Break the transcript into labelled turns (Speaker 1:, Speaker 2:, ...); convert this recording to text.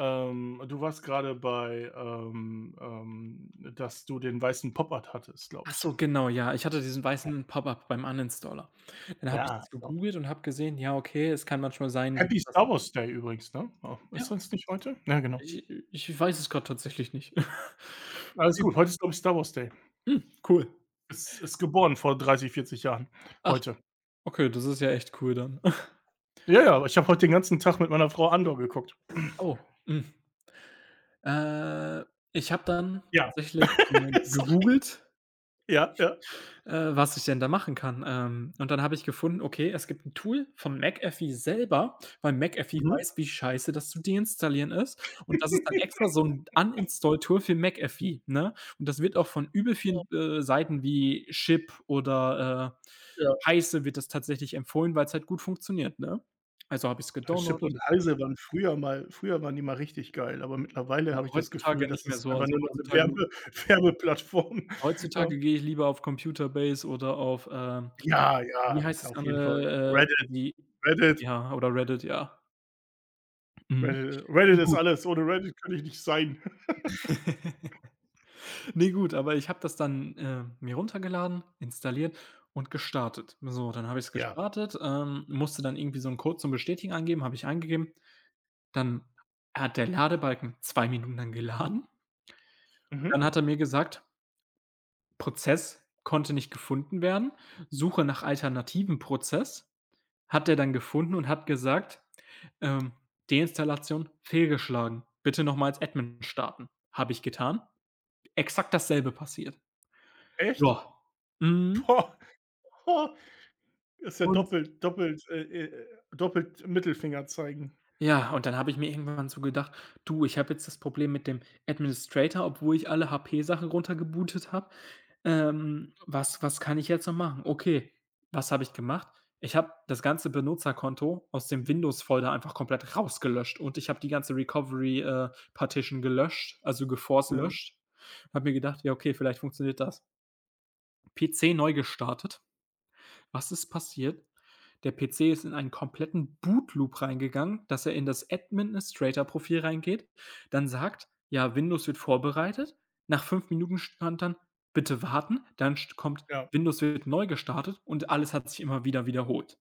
Speaker 1: Ähm, du warst grade bei, ähm ähm, dass du den weißen Pop-Up hattest,
Speaker 2: Ach
Speaker 1: glaube ich.
Speaker 2: so, genau, ja. Ich hatte diesen
Speaker 1: Ja.
Speaker 2: weißen Pop-up beim Uninstaller. Dann habe ich
Speaker 1: Ja,
Speaker 2: das
Speaker 1: oh.
Speaker 2: gegoogelt und habe gesehen, ja, okay, es kann manchmal sein, dass
Speaker 1: Happy
Speaker 2: das
Speaker 1: Star Wars Day übrigens, ne? Äh,
Speaker 2: Ja.
Speaker 1: ist das nicht heute? Ja, genau.
Speaker 2: Ich äh, ich weiß es grade tatsächlich nicht.
Speaker 1: Alles
Speaker 2: [unintelligible]
Speaker 1: gut. Heute ist, glaube ich, Star Wars Day.
Speaker 2: Mm, cool.
Speaker 1: Ist ist geboren vor 30, 40 Jahren
Speaker 2: Ach,
Speaker 1: heute.
Speaker 2: okay, das ist ja echt cool dann.
Speaker 1: Ja, ja, aber ich habe heute den ganzen Tag mit meiner Frau „Andor“ geguckt.
Speaker 2: Oh, mm. Äh, ich habe dann
Speaker 1: Ja.
Speaker 2: tatsächlich mal
Speaker 1: Sorry.
Speaker 2: gegoogelt,
Speaker 1: Ja, ja.
Speaker 2: äh, was ich denn da machen kann. Ähm, und dann habe ich gefunden, okay, es gibt 'n Tool vom McAfee selber, weil McAfee
Speaker 1: Mhm.
Speaker 2: weiß, wie scheiße das zu deinstallieren ist. Und das ist dann extra so 'n Uninstall Tool für McAfee, ne? Und das wird auch von übel vielen, äh,
Speaker 1: [unintelligible]
Speaker 2: Seiten wie Chip oder, äh,
Speaker 1: Ja.
Speaker 2: Heise wird das tatsächlich empfohlen, weil's halt gut funktioniert, ne? Also, habe ich's
Speaker 1: Ja, Chip
Speaker 2: gedownloadet
Speaker 1: und Heise waren früher mal früher waren die mal richtig geil, aber mittlerweile
Speaker 2: Ja,
Speaker 1: habe ich das
Speaker 2: heutzutage
Speaker 1: Gefühl,
Speaker 2: nicht
Speaker 1: das
Speaker 2: mehr
Speaker 1: ist
Speaker 2: so.
Speaker 1: einfach
Speaker 2: Also,
Speaker 1: nur noch 'ne
Speaker 2: heutzutage
Speaker 1: Werbe Werbeplattform, ja.
Speaker 2: heutzutage gehe ich lieber auf Computerbase oder auf, äh
Speaker 1: Ja,
Speaker 2: wie
Speaker 1: ja,
Speaker 2: heißt das
Speaker 1: auf jeden Fall.
Speaker 2: andere, äh,
Speaker 1: Reddit.
Speaker 2: wie
Speaker 1: Reddit.
Speaker 2: ja, oder Reddit, ja.
Speaker 1: Äh,
Speaker 2: Mhm. Ne,
Speaker 1: Reddit ist
Speaker 2: gut
Speaker 1: alles, ohne Reddit könnte ich nicht sein.
Speaker 2: Ne, gut, aber ich habe das dann, äh, mir runtergeladen, installiert und gestartet. So, dann habe ich's
Speaker 1: Ja.
Speaker 2: gestartet, ähm, musste dann irgendwie so 'nen Code zum Bestätigen angeben, habe ich eingegeben. Dann hat der Ladebalken 2 Minuten lang geladen. Und dann
Speaker 1: Mhm.
Speaker 2: hat er mir gesagt Prozess konnte nicht gefunden werden, suche nach alternativem Prozess. Hat er dann gefunden und hat gesagt, ähm: „Deinstallation fehlgeschlagen. Bitte noch mal als Admin starten.“ Habe ich getan. Exakt dasselbe passiert.
Speaker 1: Echt?
Speaker 2: Ja. Mhm.
Speaker 1: Oh. Ist ja
Speaker 2: Und
Speaker 1: doppelt doppelt äh äh, doppelt Mittelfinger zeigen.
Speaker 2: Ja, und dann habe ich mir irgendwann so gedacht: „Du, ich habe jetzt das Problem mit dem Administrator, obwohl ich alle HP Sachen runtergebootet habe. Ähm, was was kann ich jetzt noch machen?" Okay, was habe ich gemacht? Ich habe das ganze Benutzerkonto aus dem Windows Folder einfach komplett rausgelöscht und ich habe die ganze Recovery, äh, Partition gelöscht, also geforced
Speaker 1: Mhm.
Speaker 2: löscht. Habe mir gedacht: „Ja okay, vielleicht funktioniert das.“ PC neu gestartet. Was ist passiert? Der PC ist in einen kompletten Bootloop reingegangen, dass er in das Administrator Profil reingeht. Dann sagt: „Ja, Windows wird vorbereitet.“ Nach 5 Minuten stand dann: „Bitte warten“, dann st kommt:
Speaker 1: Ja.
Speaker 2: „Windows wird neu gestartet“, und alles hat sich immer wieder wiederholt.